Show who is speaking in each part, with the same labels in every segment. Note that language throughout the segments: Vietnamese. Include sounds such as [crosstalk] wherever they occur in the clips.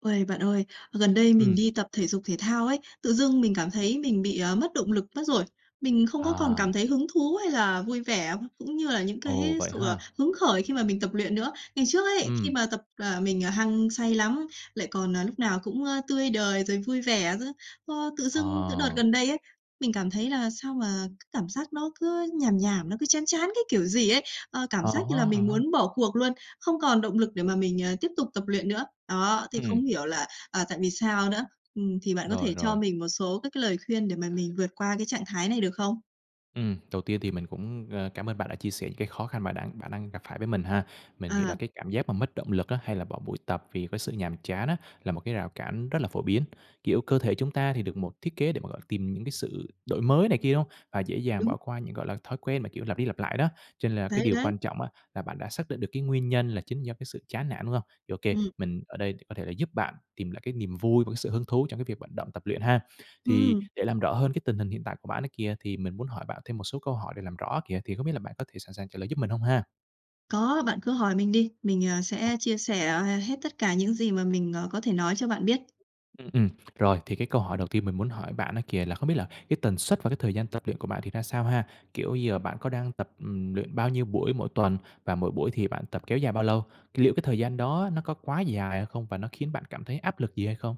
Speaker 1: Ôi, bạn ơi, gần đây mình
Speaker 2: Ừm.
Speaker 1: đi tập thể dục thể thao ấy, tự dưng mình cảm thấy mình bị, ờ, mất động lực mất rồi, mình không có còn cảm
Speaker 2: À.
Speaker 1: thấy hứng thú hay là vui vẻ, cũng như là những
Speaker 2: Ồ,
Speaker 1: cái
Speaker 2: vậy
Speaker 1: sự, à,
Speaker 2: ha?
Speaker 1: hứng khởi khi mà mình tập luyện nữa. Ngày trước ấy, khi
Speaker 2: Ừm.
Speaker 1: mà tập, à, mình, à, hăng say lắm, lại còn, à, lúc nào cũng, ơ, tươi đời rồi vui vẻ nữa, ờ, tự dưng từ đợt
Speaker 2: À.
Speaker 1: gần đây ấy, mình cảm thấy là sao mà cảm giác nó cứ nhàm nhàm, nó cứ chán chán cái kiểu gì ấy, ơ, cảm
Speaker 2: À
Speaker 1: giác như
Speaker 2: há,
Speaker 1: là mình
Speaker 2: à há.
Speaker 1: muốn bỏ cuộc luôn, không còn động lực để mà mình, à, tiếp tục tập luyện nữa. Đó, thì không
Speaker 2: Ừm.
Speaker 1: hiểu là, à, tại vì sao nữa? Ừm, thì bạn có
Speaker 2: Rồi,
Speaker 1: thể cho
Speaker 2: rồi.
Speaker 1: mình một số các cái lời khuyên để mà mình vượt qua cái trạng thái này được không?
Speaker 2: Ừm, đầu tiên thì mình cũng, à, cảm ơn bạn đã chia sẻ những cái khó khăn bạn đã bạn đang gặp phải với mình ha. Mình hiểu là
Speaker 1: À.
Speaker 2: cái cảm giác mà mất động lực á, hay là bỏ buổi tập vì cái sự nhàm chán á, là một cái rào cản rất là phổ biến, kiểu, cơ thể chúng ta thì được một thiết kế để mà, gọi là, tìm những cái sự đổi mới này kia, đúng hông? Và dễ dàng
Speaker 1: Đúng,
Speaker 2: bỏ qua
Speaker 1: ừm.
Speaker 2: những, gọi là, thói quen mà, kiểu, lặp đi lặp lại đó. Cho nên là cái
Speaker 1: Đấy,
Speaker 2: điều
Speaker 1: đấy.
Speaker 2: quan trọng á, là bạn đã xác định được cái nguyên nhân là chính do cái sự chán nản, đúng hông? OK,
Speaker 1: Ừm.
Speaker 2: mình ở đây để có thể là giúp bạn tìm lại cái niềm vui và cái sự hứng thú trong cái việc vận động tập luyện ha. Thì
Speaker 1: Ừm.
Speaker 2: để làm rõ hơn cái tình hình hiện tại của bạn ấy kìa, thì mình muốn hỏi bạn thêm một số câu hỏi để làm rõ á kìa, thì không biết là bạn có thể sẵn sàng trả lời giúp mình hông ha?
Speaker 1: Có, bạn cứ hỏi mình đi, mình, ờ,
Speaker 2: Ờ.
Speaker 1: sẽ chia sẻ h hết tất cả những gì mà mình, ờ, có thể nói cho bạn biết.
Speaker 2: Ừm, ừm, rồi thì cái câu hỏi đầu tiên mình muốn hỏi bạn á kìa là không biết là cái tần suất và cái thời gian tập luyện của bạn thì ra sao ha? Kiểu giờ bạn có đang tập, ừm, luyện bao nhiêu buổi mỗi tuần và mỗi buổi thì bạn tập kéo dài bao lâu? C liệu cái thời gian đó nó có quá dài hay không và nó khiến bạn cảm thấy áp lực gì hay không?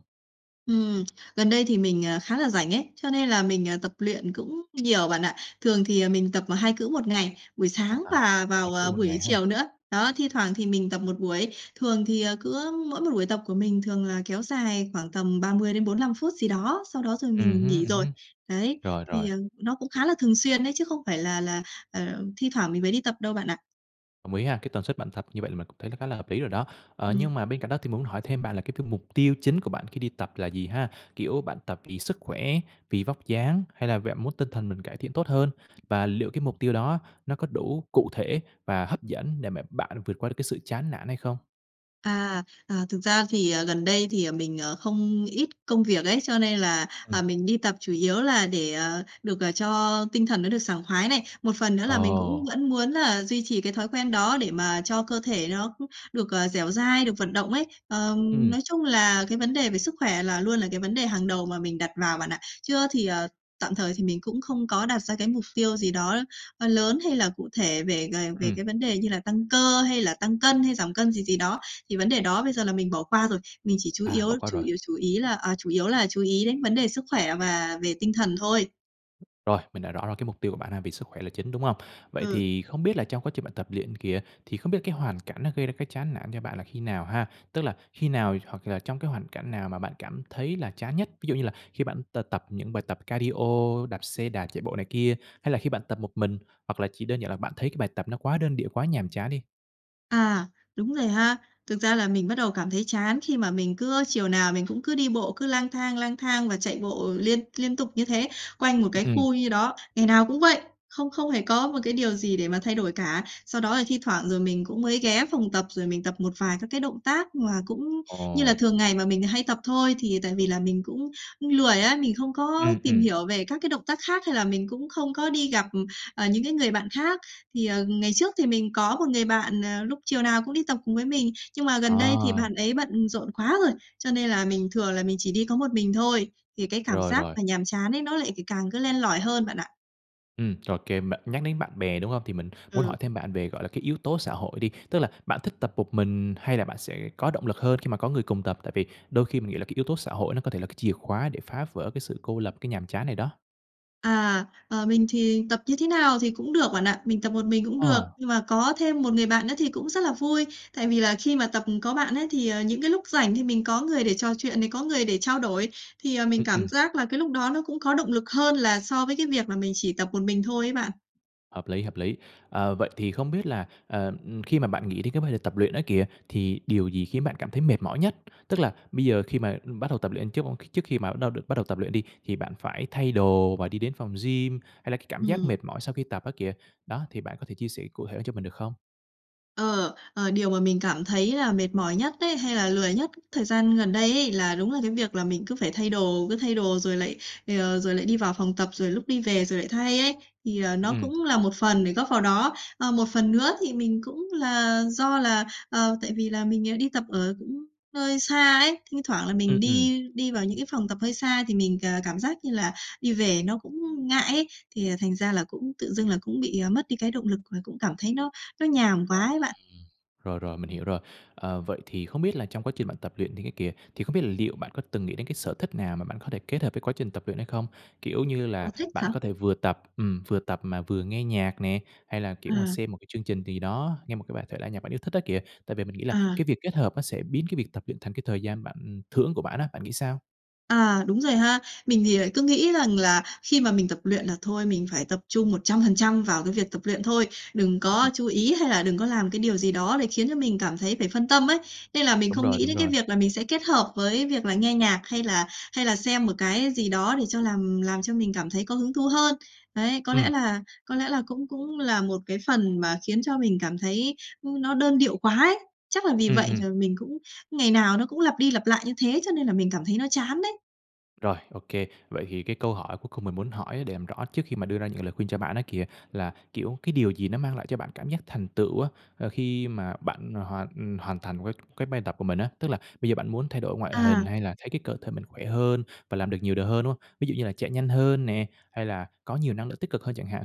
Speaker 1: Ừm, gần đây thì mình, à, khá là rảnh ấy, cho nên là mình, à, tập luyện cũng nhiều bạn ạ. Thường thì, à, mình tập 2 cữ 1 ngày, buổi sáng
Speaker 2: À,
Speaker 1: và
Speaker 2: 2
Speaker 1: vào,
Speaker 2: cữ
Speaker 1: ờ,
Speaker 2: 1 ngày
Speaker 1: buổi
Speaker 2: ha.
Speaker 1: chiều nữa, đó, thi thoảng thì mình tập 1 buổi. Thường thì, ờ, cứ mỗi một buổi tập của mình thường là kéo dài khoảng tầm 30 đến 45 phút gì đó, sau đó rồi
Speaker 2: Ừm
Speaker 1: mình
Speaker 2: hứm,
Speaker 1: nghỉ
Speaker 2: ừm
Speaker 1: rồi,
Speaker 2: hứm,
Speaker 1: đấy.
Speaker 2: rồi, rồi.
Speaker 1: Thì, ờ, nó cũng khá là thường xuyên đấy, chứ không phải là là, à, thi thoảng mình mới đi tập đâu bạn ạ.
Speaker 2: Đồng ý ha. Cái tần suất bạn tập như vậy là mình cũng thấy khá là hợp lý rồi đó. Ờ,
Speaker 1: Ừm.
Speaker 2: nhưng mà bên cạnh đó thì muốn hỏi thêm bạn là cái t mục tiêu chính của bạn khi đi tập là gì ha? Kiểu, bạn tập vì sức khỏe, vì vóc dáng, hay là bạn muốn tinh thần mình cải thiện tốt hơn? Và liệu cái mục tiêu đó nó có đủ cụ thể và hấp dẫn để mà bạn vượt qua được cái sự chán nản hay không?
Speaker 1: À, à, thực ra thì, ờ, gần đây thì, ờ, mình, ờ, không ít công việc ấy, cho nên là, à,
Speaker 2: Ừm.
Speaker 1: mình đi tập chủ yếu là để, ờ, được, ờ, cho tinh thần nó được sảng khoái này. Một phần nữa là mình cũng
Speaker 2: Ồ!
Speaker 1: vẫn muốn là duy trì cái thói quen đó để mà cho cơ thể nó [unintelligible] được, ờ, dẻo dai, được vận động ấy. Ờ,
Speaker 2: Ừm.
Speaker 1: nói chung là cái vấn đề về sức khỏe là luôn là cái vấn đề hàng đầu mà mình đặt vào bạn ạ. Chưa thì ờ, tạm thời thì mình cũng không có đặt ra cái mục tiêu gì đó, ơ, lớn hay là cụ thể về về về
Speaker 2: Ừm.
Speaker 1: cái vấn đề như là tăng cơ hay là tăng cân hay giảm cân gì gì đó. Thì vấn đề đó bây giờ là mình bỏ qua rồi. Mình chỉ chú
Speaker 2: À,
Speaker 1: yếu
Speaker 2: bỏ qua
Speaker 1: chủ
Speaker 2: rồi.
Speaker 1: yếu, chủ ý là ờ, chủ yếu là chú ý đến vấn đề sức khỏe và về tinh thần thôi.
Speaker 2: Rồi, mình đã rõ là cái mục tiêu của bạn nà vì sức khỏe là chính, đúng hông? Vậy
Speaker 1: Ừ.
Speaker 2: thì không biết là trong quá trình bạn tập luyện kìa, thì không biết cái hoàn cảnh nó gây ra cái chán nản cho bạn là khi nào ha? Tức là khi nào hoặc là trong cái hoàn cảnh nào mà bạn cảm thấy là chán nhất? Ví dụ như là khi bạn t tập những bài tập cardio, đạp xe đạp, chạy bộ này kia hay là khi bạn tập một mình hoặc là chỉ đơn giản là bạn thấy cái bài tập nó quá đơn điệu, quá nhàm chán đi?
Speaker 1: À, đúng rồi ha. Thực ra là mình bắt đầu cảm thấy chán khi mà mình cứ chiều nào mình cũng cứ đi bộ cứ lang thang, lang thang và chạy bộ liên liên tục như thế quanh một cái
Speaker 2: Ừm.
Speaker 1: khu như đó. Ngày nào cũng vậy, không không hề có một cái điều gì để mà thay đổi cả. Sau đó là thi thoảng rồi mình cũng mới ghé phòng tập, rồi mình tập một vài các cái động tác mà cũng như
Speaker 2: Ồ.
Speaker 1: là thường ngày mà mình hay tập thôi. Thì, à, tại vì là mình cũng cũng lười á, mình không có
Speaker 2: Ừm,
Speaker 1: tìm
Speaker 2: ừm
Speaker 1: hiểu về các cái động tác khác hay là mình cũng không có đi gặp, ừ, ờ, những cái người bạn khác. Thì, ờ, ngày trước thì mình có một người bạn, ờ, lúc chiều nào cũng đi tập cùng với mình, nhưng mà gần đây thì
Speaker 2: À.
Speaker 1: bạn ấy bận rộn quá rồi, cho nên là mình thường là mình chỉ đi có một mình thôi, thì cái cảm
Speaker 2: Rồi,
Speaker 1: giác
Speaker 2: rồi.
Speaker 1: mà nhàm chán ấy nó lại c càng cứ len lỏi hơn bạn ạ.
Speaker 2: Ừm, OK bạn, nhắc đến bạn bè, đúng không? Thì mình muốn hỏi
Speaker 1: Ừm.
Speaker 2: thêm bạn về, gọi là, cái yếu tố xã hội đi, tức là bạn thích tập một mình hay là bạn sẽ có động lực hơn khi mà có người cùng tập? Tại vì đôi khi mình nghĩ là cái yếu tố xã hội nó có thể là cái chìa khóa để phá vỡ cái sự cô lập, cái nhàm chán này đó.
Speaker 1: À, ờ, mình thì tập như thế nào thì cũng được bạn ạ, mình tập một mình cũng được,
Speaker 2: Ờ.
Speaker 1: nhưng mà có thêm một người bạn nữa thì cũng rất là vui. Tại vì là khi mà tập, ừm, có bạn ấy, thì, ờ, những cái lúc rảnh thì mình có người để trò chuyện này, có người để trao đổi, thì, ờ, mình
Speaker 2: Ừm,
Speaker 1: cảm
Speaker 2: ừm.
Speaker 1: giác là cái lúc đó nó cũng có động lực hơn là so với cái việc là mình chỉ tập một mình thôi ấy bạn.
Speaker 2: Hợp lý, hợp lý. Ờ, vậy thì không biết là, ờ, ừm, khi mà bạn nghĩ đến cái vấn đề tập luyện á kìa, thì điều gì khiến bạn cảm thấy mệt mỏi nhất? Tức là bây giờ khi mà, ưm, bắt đầu tập luyện trước m trước khi mà đâu được bắt đầu tập luyện đi thì bạn phải thay đồ và đi đến phòng gym, hay là cái cảm giác
Speaker 1: Ừm.
Speaker 2: mệt mỏi sau khi tập á kìa? Đó, thì bạn có thể chia sẻ cụ thể cho mình được không?
Speaker 1: Ờ, ờ, điều mà mình cảm thấy là mệt mỏi nhất ấy, hay là lười nhất thời gian gần đây ấy, là đúng là cái việc là mình cứ phải thay đồ, cứ thay đồ rồi lại, ờ, rồi lại đi vào phòng tập, rồi lúc đi về rồi lại thay ấy, thì, ờ,
Speaker 2: Ừm,
Speaker 1: nó
Speaker 2: ừm.
Speaker 1: cũng là một phần để góp vào đó. Ờ, một phần nữa thì mình cũng là do là, ờ, tại vì là mình, ờ, đi tập ở cũng hơi xa ấy, thi thoảng là
Speaker 2: Ừm,
Speaker 1: mình
Speaker 2: ừm.
Speaker 1: đi đi vào những cái phòng tập hơi xa thì mình c cảm giác như là đi về nó cũng ngại ấy, thì, ờ, thành ra là cũng tự dưng là cũng bị, ờ, mất đi cái động lực và cũng cảm thấy nó nó nhàm
Speaker 2: Ờm,
Speaker 1: quá ấy bạn.
Speaker 2: rồi, rồi, mình hiểu rồi. Ờ, vậy thì không biết là trong quá trình bạn tập luyện những cái kìa, thì không biết là liệu bạn có từng nghĩ đến cái sở thích nào mà bạn có thể kết hợp với quá trình tập luyện hay không? Kiểu như
Speaker 1: Sở
Speaker 2: là
Speaker 1: thích
Speaker 2: bạn
Speaker 1: hả?
Speaker 2: có thể vừa tập ừm, vừa tập mà vừa nghe nhạc nè, hay là kiểu mà
Speaker 1: À.
Speaker 2: xem một cái chương trình gì đó, nghe một cái bài thể nhạc bạn yêu thích đó kìa, tại vì mình nghĩ là
Speaker 1: À.
Speaker 2: cái việc kết hợp nó sẽ biến cái việc tập luyện thành cái thời gian bạn thưởng của bạn á, bạn nghĩ sao?
Speaker 1: À, đúng rồi ha. Mình thì lại cứ nghĩ rằng là khi mà mình tập luyện là thôi, mình phải tập trung 100% vào cái việc tập luyện thôi. Đừng có
Speaker 2: [unintelligible]
Speaker 1: chú ý hay là đừng có làm cái điều gì đó để khiến cho mình cảm thấy phải phân tâm ấy. Nên là mình
Speaker 2: Đúng
Speaker 1: không
Speaker 2: rồi,
Speaker 1: nghĩ
Speaker 2: đúng
Speaker 1: đến cái
Speaker 2: rồi.
Speaker 1: việc là mình sẽ kết hợp với việc là nghe nhạc hay là hay là xem một cái gì đó để cho làm làm cho mình cảm thấy có hứng thú hơn. Đấy, có
Speaker 2: Ừm.
Speaker 1: lẽ là có lẽ là cũng cũng là một cái phần mà khiến cho mình cảm thấy, ưm, nó đơn điệu quá ấy. Chắc là vì
Speaker 2: Ừm,
Speaker 1: vậy
Speaker 2: ừm.
Speaker 1: là mình cũng ngày nào nó cũng lặp đi lặp lại như thế cho nên là mình cảm thấy nó chán đấy.
Speaker 2: Rồi, ô kê. Vậy thì cái câu hỏi cuối cùng mình muốn hỏi để làm rõ trước khi mà đưa ra những lời khuyên cho bạn á kìa, là, kiểu, cái điều gì nó mang lại cho bạn cảm giác thành tựu á, ờ, khi mà bạn hoàn hoàn thành cái cái bài tập của mình á, tức là bây giờ bạn muốn thay đổi ngoại hình
Speaker 1: À.
Speaker 2: hay là thấy cái cơ thể mình khỏe hơn và làm được nhiều điều hơn, đúng hông? Ví dụ như là chạy nhanh hơn nè, hay là có nhiều năng lượng tích cực hơn chẳng hạn?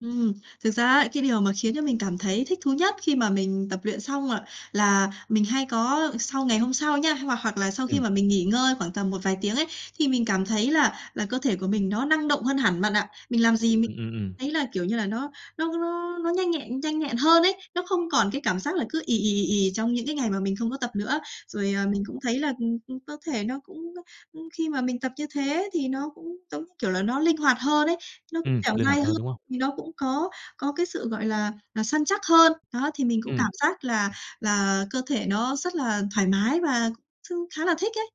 Speaker 1: Ừm, thực ra ấy, cái điều mà khiến cho mình cảm thấy thích thú nhất khi mà mình tập luyện xong, à, là mình hay có sau ngày hôm sau nha hoặc hoặc là sau khi
Speaker 2: Ừm.
Speaker 1: mà mình nghỉ ngơi khoảng tầm một vài tiếng ấy thì mình cảm thấy là là cơ thể của mình nó năng động hơn hẳn bạn ạ. Mình làm gì mình
Speaker 2: Ừm, ừm, ừm.
Speaker 1: thấy là, kiểu như là, nó nó nó nó nhanh nhẹn nhanh nhẹn hơn ấy, nó không còn cái cảm giác là cứ ì, ì, ì, ì, trong những cái ngày mà mình không có tập nữa. Rồi, à, mình cũng
Speaker 2: [unintelligible]
Speaker 1: thấy là ừm, ừ, cơ thể nó cũng, ơ, ưm, khi mà mình tập như thế thì nó cũng, giống như kiểu là, nó linh hoạt hơn ấy, nó cũng
Speaker 2: Ừm,
Speaker 1: dẻo
Speaker 2: linh
Speaker 1: dai
Speaker 2: hoạt
Speaker 1: hơn,
Speaker 2: hơn, đúng hông?
Speaker 1: thì nó cũng có có cái sự, gọi là là, săn chắc hơn. Đó, thì mình cũng
Speaker 2: Ừm.
Speaker 1: cảm giác là là cơ thể nó rất là thoải mái và chung khá là thích ấy.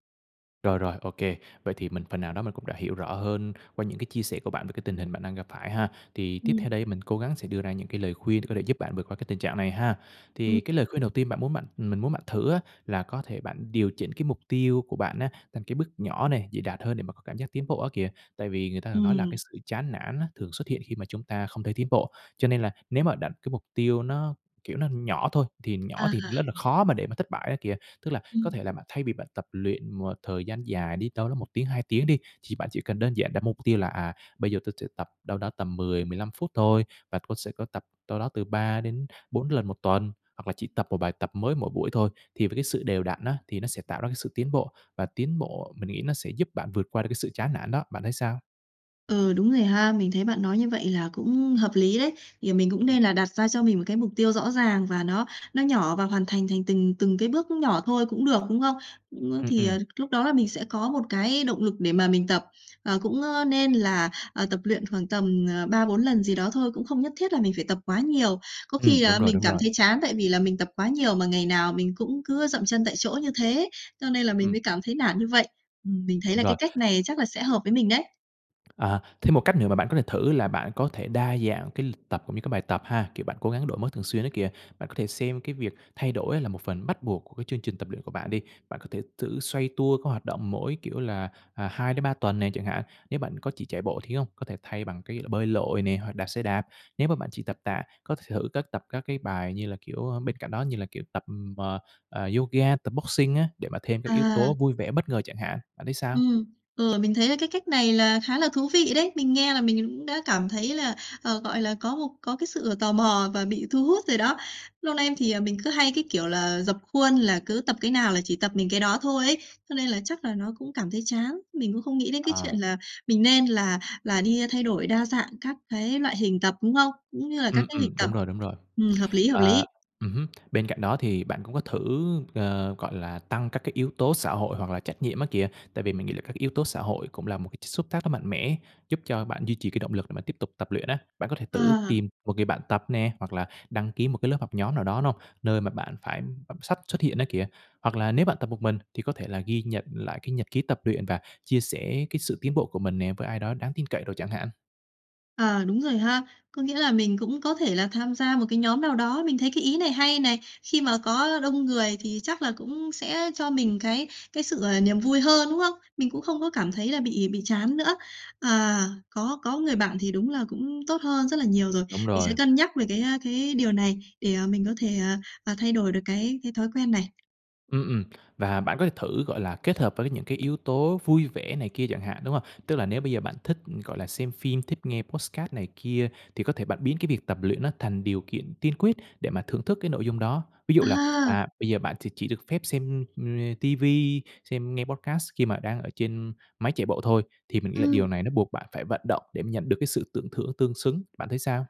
Speaker 2: Rồi, rồi, OK. Vậy thì mình phần nào đó mình cũng đã hiểu rõ hơn qua những cái chia sẻ của bạn về cái tình hình bạn đang gặp phải ha. Thì tiếp
Speaker 1: Ừm.
Speaker 2: theo đây mình cố gắng sẽ đưa ra những cái lời khuyên có thể giúp bạn vượt qua cái tình trạng này ha. Thì
Speaker 1: Ừm.
Speaker 2: cái lời khuyên đầu tiên bạn muốn bạn mình muốn bạn thử á, là có thể bạn điều chỉnh cái mục tiêu của bạn á, thành cái bước nhỏ này, dễ đạt hơn để mà có cảm giác tiến bộ á kìa. Tại vì người ta thường nói là cái
Speaker 1: Ừm.
Speaker 2: sự chán nản á, thường xuất hiện khi mà chúng ta không thấy tiến bộ. Cho nên là nếu mà đặt cái mục tiêu nó, kiểu, nó nhỏ thôi, thì nhỏ thì
Speaker 1: À.
Speaker 2: rất là khó mà để mà thất bại á kìa. Tức là có
Speaker 1: Ừm.
Speaker 2: thể là bạn thay vì bạn tập luyện một thời gian dài đi, đâu đó 1 tiếng, 2 tiếng đi, thì bạn chỉ cần đơn giản đặt mục tiêu là, à, bây giờ tôi sẽ tập đâu đó tầm 10-15 phút thôi. Và tôi sẽ có tập đâu đó từ 3 đến 4 lần 1 tuần, hoặc là chỉ tập một bài tập mới mỗi buổi thôi. Thì với cái sự đều đặn á, thì nó sẽ tạo ra cái sự tiến bộ, và tiến bộ mình nghĩ nó sẽ giúp bạn vượt qua được cái sự chán nản đó. Bạn thấy sao?
Speaker 1: Ừ, đúng rồi ha. Mình thấy bạn nói như vậy là cũng hợp lý đấy. Thì mình cũng
Speaker 2: Ừm.
Speaker 1: nên là đặt ra cho mình một cái mục tiêu rõ ràng và nó nó nhỏ, và hoàn thành thành từng từng cái bước nhỏ thôi cũng được, đúng không? Ừm,
Speaker 2: Ừm,
Speaker 1: thì,
Speaker 2: ừm.
Speaker 1: ờ, lúc đó là mình sẽ có một cái động lực để mà mình tập, ờ, cũng, ơ, nên là, ờ, tập luyện khoảng tầm, ờ, 3-4 lần gì đó thôi, cũng không nhất thiết là mình phải tập quá nhiều. Có
Speaker 2: Ừm,
Speaker 1: khi
Speaker 2: đúng
Speaker 1: là
Speaker 2: rồi,
Speaker 1: mình
Speaker 2: đúng
Speaker 1: cảm
Speaker 2: rồi.
Speaker 1: thấy chán tại vì là mình tập quá nhiều mà ngày nào mình cũng cứ dậm chân tại chỗ như thế, cho nên là mình
Speaker 2: Ừm.
Speaker 1: mới cảm thấy nản như vậy. Ừm, mình thấy
Speaker 2: Đúng
Speaker 1: là
Speaker 2: rồi.
Speaker 1: cái cách này chắc là sẽ hợp với mình đấy.
Speaker 2: À. Thêm một cách nữa mà bạn có thể thử là bạn có thể đa dạng cái lịch tập, cũng như các bài tập ha, kiểu, bạn cố gắng đổi mới thường xuyên á kìa. Bạn có thể xem cái việc thay đổi á là một phần bắt buộc của cái chương trình tập luyện của bạn đi. Bạn có thể thử xoay tua các hoạt động mỗi kiểu là, à, 2-3 tuần nè chẳng hạn. Nếu bạn có chỉ chạy bộ thì hông, có thể thay bằng cái, ơ, bơi lội nè, hoặc đạp xe đạp. Nếu mà bạn chỉ tập tạ, có thể thử các tập các cái bài như là, kiểu, a, bên cạnh đó như là, kiểu, tập, ừm, à, à, yoga, tập boxing á để mà thêm các yếu
Speaker 1: À.
Speaker 2: tố vui vẻ, bất ngờ chẳng hạn. Bạn thấy sao?
Speaker 1: Ừm. Ừ, mình thấy là cái cách này là khá là thú vị đấy. Mình nghe là mình cũng đã cảm thấy là, ờ, gọi là, có một có cái sự tò mò và bị thu hút rồi đó. Lâu nay thì, à, mình cứ hay cái kiểu là rập khuôn là cứ tập cái nào là chỉ tập mình cái đó thôi ấy, cho nên là chắc là nó cũng cảm thấy chán. Mình cũng không nghĩ đến cái
Speaker 2: À.
Speaker 1: chuyện là mình nên là là đi, a, thay đổi đa dạng các cái loại hình tập, đúng không? Cũng như là các
Speaker 2: Ừm,
Speaker 1: cái lịnh
Speaker 2: ừm,
Speaker 1: tập.
Speaker 2: đúng rồi, đúng rồi.
Speaker 1: Ừm, hợp lý, hợp
Speaker 2: À.
Speaker 1: lý.
Speaker 2: Ừm hứm. Bên cạnh đó thì bạn cũng có thử, ờ, gọi là, tăng các cái yếu tố xã hội hoặc là trách nhiệm á kìa, tại vì mình nghĩ là các yếu tố xã hội cũng là một cái chất xúc tác rất mạnh mẽ, giúp cho bạn duy trì cái động lực để bạn tiếp tục tập luyện á. Bạn có thể tử
Speaker 1: À.
Speaker 2: tìm một người bạn tập nè, hoặc là đăng ký một cái lớp học nhóm nào đó, đúng hông? Nơi mà bạn phải đọc sách xuất hiện á kìa, hoặc là nếu bạn tập một mình thì có thể là ghi nhận lại cái nhật ký tập luyện và chia sẻ cái sự tiến bộ của mình nè với ai đó đáng tin cậy đồ chẳng hạn.
Speaker 1: Ờ, đúng rồi ha. Có nghĩa là mình cũng có thể là tham gia một cái nhóm nào đó, mình thấy cái ý này hay này. Khi mà có đông người thì chắc là cũng sẽ cho mình cái cái sự, ờ, niềm vui hơn, đúng không? Mình cũng không có cảm thấy là bị bị chán nữa. À, có có người bạn thì đúng là cũng tốt hơn rất là nhiều rồi.
Speaker 2: Đúng
Speaker 1: Mình sẽ
Speaker 2: rồi.
Speaker 1: cân nhắc về cái, ơ, cái điều này để, ờ, mình có thể, ờ, ờ, thay đổi được cái cái thói quen này.
Speaker 2: Ừm, ừm, và bạn có thể thử, gọi là, kết hợp với những cái yếu tố vui vẻ này kia chẳng hạn, đúng hông? Tức là nếu bây giờ bạn thích, ừm, gọi là, xem phim, thích nghe podcast này kia thì có thể bạn biến cái việc tập luyện nó thành điều kiện tiên quyết để mà thưởng thức cái nội dung đó. Ví dụ là,
Speaker 1: À!
Speaker 2: à, bây giờ bạn thì chỉ được phép xem, ưm, ờ, TV, xem nghe podcast khi mà đang ở trên máy chạy bộ thôi. Thì mình nghĩ là
Speaker 1: Ừm.
Speaker 2: điều này nó buộc bạn phải vận động để mà nhận được cái sự tưởng thưởng tương xứng. Bạn thấy sao?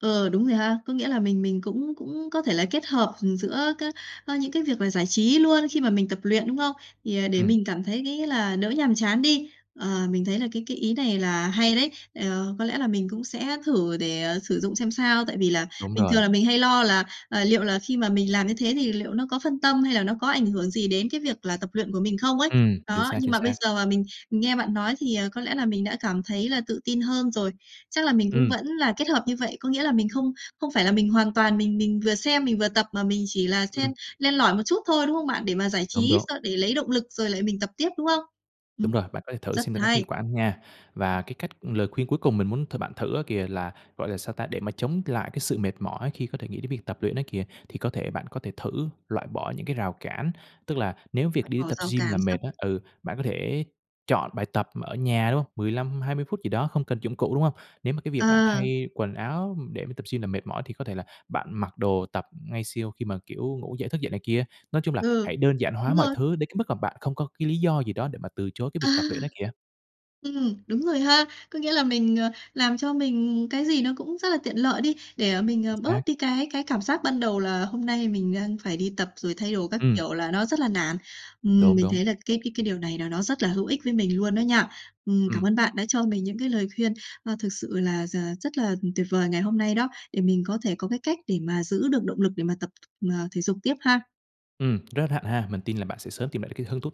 Speaker 1: Ờ, đúng rồi ha. Có nghĩa là mình mình cũng cũng có thể là kết hợp, ừm, giữa các ơ, những cái việc là giải trí luôn khi mà mình tập luyện, đúng không? Thì, à, để
Speaker 2: Ừm.
Speaker 1: mình cảm thấy cái nghĩa là đỡ nhàm chán đi. Ờ, mình thấy là cái cái ý này là hay đấy. Ờ, có lẽ là mình cũng sẽ thử để, ờ, sử dụng xem sao, tại vì là
Speaker 2: Đúng
Speaker 1: bình
Speaker 2: rồi.
Speaker 1: thường là mình hay lo là, à, liệu là khi mà mình làm như thế thì liệu nó có phân tâm hay là nó có ảnh hưởng gì đến cái việc là tập luyện của mình không ấy.
Speaker 2: Ừm, chính
Speaker 1: Đó,
Speaker 2: xác,
Speaker 1: nhưng
Speaker 2: chính
Speaker 1: mà bây
Speaker 2: xác.
Speaker 1: giờ mà mình mình nghe bạn nói thì, ờ, có lẽ là mình đã cảm thấy là tự tin hơn rồi. Chắc là mình cũng
Speaker 2: Ừm.
Speaker 1: vẫn là kết hợp như vậy. Có nghĩa là mình không không phải là mình hoàn toàn mình mình vừa xem mình vừa tập, mà mình chỉ là xen
Speaker 2: Ừm.
Speaker 1: len lỏi một chút thôi, đúng không bạn? Để mà giải
Speaker 2: Đúng,
Speaker 1: trí
Speaker 2: đúng.
Speaker 1: s để lấy động lực rồi lại mình tập tiếp, đúng không?
Speaker 2: Đúng rồi,
Speaker 1: Ừm,
Speaker 2: bạn có thể thử
Speaker 1: rất
Speaker 2: xem là nó có hiệu
Speaker 1: hay!
Speaker 2: quả hông nha. Và
Speaker 1: Ừm.
Speaker 2: cái cách lời khuyên cuối cùng mình muốn th bạn thử á kìa, là, gọi là, sao ta, để mà chống lại cái sự mệt mỏi khi có thể nghĩ đến việc tập luyện ấy kìa, thì có thể bạn có thể thử loại bỏ những cái rào cản. Tức là nếu việc
Speaker 1: Loại
Speaker 2: đi
Speaker 1: bỏ
Speaker 2: tập
Speaker 1: rào
Speaker 2: gym là
Speaker 1: cản
Speaker 2: mệt
Speaker 1: sao?
Speaker 2: á ừ, bạn có thể chọn bài tập ở nhà, đúng không? 15-20 phút gì đó không cần dụng cụ, đúng không? Nếu mà cái việc bạn
Speaker 1: Ờ.
Speaker 2: thay quần áo, ừm, để mà tập gym là mệt mỏi thì có thể là bạn mặc đồ tập ngay siêu khi mà, kiểu, ngủ dậy, thức dậy này kia. Nói chung là
Speaker 1: Ừ,
Speaker 2: hãy đơn giản hóa
Speaker 1: đúng
Speaker 2: mọi
Speaker 1: rồi.
Speaker 2: thứ đến cái mức mà bạn không có cái lý do gì đó để mà từ chối cái
Speaker 1: À!
Speaker 2: việc tập luyện ấy kìa.
Speaker 1: Ừm, đúng rồi ha. Có nghĩa là mình, ờ, làm cho mình cái gì nó cũng rất là tiện lợi đi, để, ờ, mình,
Speaker 2: Chính
Speaker 1: ờ,
Speaker 2: xác.
Speaker 1: bớt đi cái cái cảm giác ban đầu là hôm nay mình đang phải đi tập rồi thay đồ các
Speaker 2: Ừm.
Speaker 1: kiểu là nó rất là nản. Ừm,
Speaker 2: Đúng,
Speaker 1: mình
Speaker 2: đúng.
Speaker 1: thấy là cái cái cái điều này là nó rất là hữu ích với mình luôn đó nha. Ừm, cảm
Speaker 2: Ừm.
Speaker 1: ơn bạn đã cho mình những cái lời khuyên, ờ, thực sự là r rất là, ừm, tuyệt vời ngày hôm nay đó, để mình có thể có cái cách để mà giữ được động lực để mà tập, à, thể dục tiếp ha.
Speaker 2: Ừm, rất hạnh ha, mình tin là bạn sẽ sớm tìm lại được cái hứng thú.